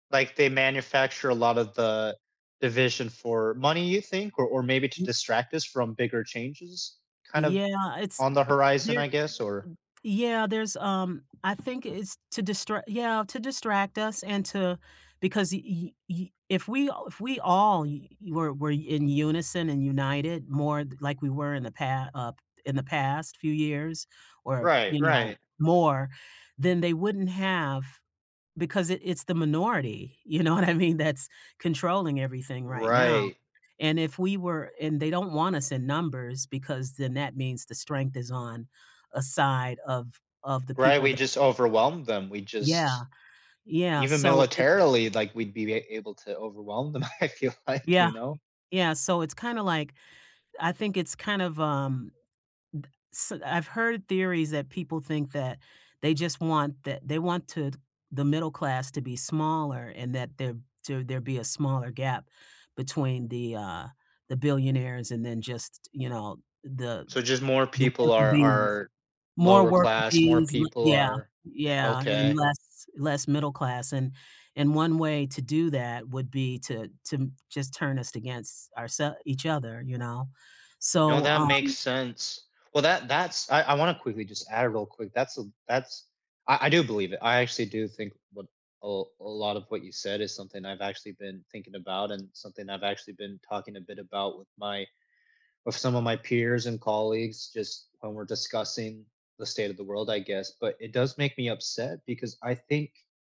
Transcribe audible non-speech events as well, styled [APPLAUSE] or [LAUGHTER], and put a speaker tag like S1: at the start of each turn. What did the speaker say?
S1: Like, they manufacture a lot of the division for money, you think, or or maybe to
S2: [UNINTELLIGIBLE]
S1: distract us from bigger changes, kind of
S2: Yeah, it's
S1: on the horizon,
S2: there
S1: I guess? Or
S2: Yeah, there's, um, I think it's to distra yeah, to distract us and to because y y y if we if we all y were were in unison and united more like we were in the pa up, in the past few years or,
S1: Right,
S2: you know,
S1: right.
S2: more, then they wouldn't have because i it's the minority. You know what I mean? That's controlling everything right now.
S1: Right.
S2: And if we were and they don't want us in numbers because then that means the strength is on a side of of the
S1: Right,
S2: people
S1: we
S2: that
S1: just overwhelmed them, we
S2: Yeah.
S1: just
S2: Yeah,
S1: even
S2: so it's k
S1: militarily, like, we'd be a able to overwhelm them. I feel like,
S2: Yeah.
S1: you know?
S2: Yeah, so it's kinda like I think it's kind of, um d s I've heard theories that people think that they just want the that they wanted the middle class to be smaller and that there to there'd be a smaller gap between the, uh, the billionaires and then just, you know, the
S1: So just more
S2: the
S1: people
S2: worker
S1: are
S2: bees.
S1: are
S2: More
S1: lower
S2: worker
S1: class, more
S2: bees, le
S1: people
S2: yeah,
S1: are
S2: yeah, and
S1: Okay.
S2: less less middle class, and and one way to do that would be to to just turn us against ourse each other, you know?
S1: No,
S2: So,
S1: that makes
S2: um
S1: sense. Well, that that's I I wanna quickly just add real quick. That's a that's I I do believe it, I actually do think what a l a lot of what you said is something I've actually been thinking about and something I've actually been talking a bit about with my with some of my peers and colleagues just when we're discussing the state of the world, I guess, but it does make me upset because I think